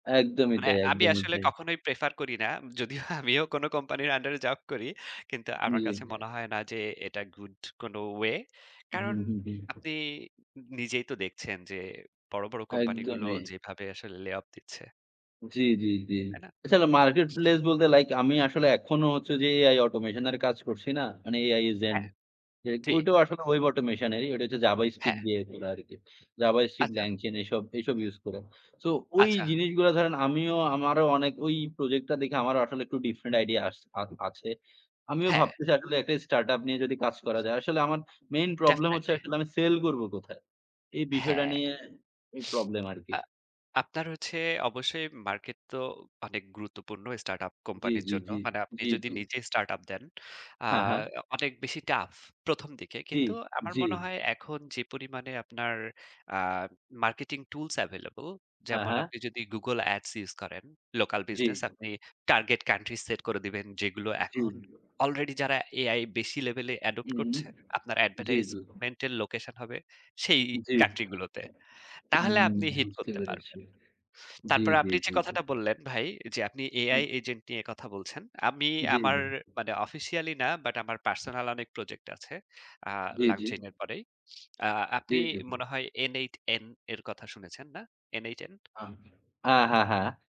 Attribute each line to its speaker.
Speaker 1: একদমই
Speaker 2: মানে
Speaker 1: তাই,
Speaker 2: আমি
Speaker 1: একদমই
Speaker 2: আসলে
Speaker 1: তাই।
Speaker 2: কখনোই প্রেফার করি না। যদিও আমিও কোন কোম্পানির আন্ডারে জব করি। কিন্তু আমার কাছে মনে
Speaker 1: জি।
Speaker 2: হয় না যে, এটা গুড কোন ওয়ে।
Speaker 1: হুম,
Speaker 2: কারণ
Speaker 1: হুম, হুম, হুম।
Speaker 2: আপনি নিজেই তো দেখছেন যে, বড়, বড় কোম্পানিগুলো
Speaker 1: একদমই।
Speaker 2: যেভাবে আসলে লে অফ দিচ্ছে।
Speaker 1: জি, জি, জি।
Speaker 2: তাই না?
Speaker 1: এছাড়া মার্কেট প্লেস বলতে লাইক আমি আসলে এখনো হচ্ছে যে, এআই অটোমেশন এর কাজ করছি না? মানে এআই এজেন্ট।
Speaker 2: হ্যাঁ।
Speaker 1: যাইহোক
Speaker 2: জি।
Speaker 1: ওইটাও আসলে ওয়েব অটোমেশনেরই, ঐটা হচ্ছে জাভাস্ক্রিপ্ট
Speaker 2: হ্যাঁ।
Speaker 1: দিয়ে খোলা আরকি। জাভাস্ক্রিপ্ট,
Speaker 2: আচ্ছা।
Speaker 1: LangChain এসব, এসব ইউজ করে। সো ওই
Speaker 2: আচ্ছা।
Speaker 1: জিনিসগুলা ধরেন, আমিও আমারও অনেক ঐ প্রজেক্ট টা দেখে, আমারও আসলে একটু ডিফারেন্ট আইডিয়া আস আ আছে। আমিও
Speaker 2: হ্যাঁ।
Speaker 1: ভাবতেছি আসলে একটা স্টার্ট আপ নিয়ে যদি কাজ করা যায়। আসলে আমার মেইন প্রবলেম হচ্ছে,
Speaker 2: ডেফিনিটলি।
Speaker 1: আসলে আমি সেল করবো কোথায়? এই বিষয়টা
Speaker 2: হ্যাঁ।
Speaker 1: নিয়ে এই প্রবলেম আরকি।
Speaker 2: আ আপনার হচ্ছে অবশ্যই মার্কেট তো অনেক গুরুত্বপূর্ণ স্টার্টআপ
Speaker 1: জি,
Speaker 2: কোম্পানির
Speaker 1: জি,
Speaker 2: জন্য।
Speaker 1: জি,
Speaker 2: মানে আপনি
Speaker 1: জি,
Speaker 2: যদি
Speaker 1: জি।
Speaker 2: নিজে স্টার্ট আপ দেন আ
Speaker 1: হ্যাঁ, হ্যাঁ।
Speaker 2: অনেক বেশি টাফ ১ম দিকে।
Speaker 1: জি,
Speaker 2: কিন্তু আমার
Speaker 1: জি।
Speaker 2: মনে হয়, এখন যে পরিমাণে আপনার আ মার্কেটিং টুলস এভেইলেবল,
Speaker 1: হ্যাঁ,
Speaker 2: যেমন
Speaker 1: হ্যাঁ।
Speaker 2: আপনি যদি Google Ads ইউস করেন, লোকাল
Speaker 1: জি।
Speaker 2: বিজনেস আপনি টার্গেট কান্ট্রি সেট করে দিবেন, যেগুলো
Speaker 1: জি।
Speaker 2: এখন আলরেডি যারা এআই বেশি লেভেলে অ্যাডপ্ট করছে,
Speaker 1: উহুম
Speaker 2: আপনার
Speaker 1: জি, জি।
Speaker 2: অ্যাডভার্টাইজমেন্ট এর লোকেশন হবে, সেই
Speaker 1: জি।
Speaker 2: কান্ট্রি গুলোতে।
Speaker 1: উম
Speaker 2: তাহলে আপনি হিট
Speaker 1: বুঝতে
Speaker 2: করতে
Speaker 1: পেরেছি।
Speaker 2: পারবেন।
Speaker 1: জি,
Speaker 2: তারপরে
Speaker 1: জি,
Speaker 2: আপনি যে
Speaker 1: জি, জি।
Speaker 2: কথাটা বললেন ভাই যে, আপনি এআই
Speaker 1: হুম।
Speaker 2: এজেন্ট নিয়ে কথা বলছেন। আমি
Speaker 1: জি,
Speaker 2: আমার
Speaker 1: জি।
Speaker 2: মানে অফিসিয়ালি না, বাট আমার পার্সোনাল অনেক প্রজেক্ট আছে। আ
Speaker 1: জি, জি।
Speaker 2: LangChain এর পরেই। আ
Speaker 1: জি,
Speaker 2: আপনি
Speaker 1: জি।
Speaker 2: মনে হয় n8n এর কথা শুনেছেন, না? n8n?
Speaker 1: আ আ হ্যাঁ, হ্যাঁ।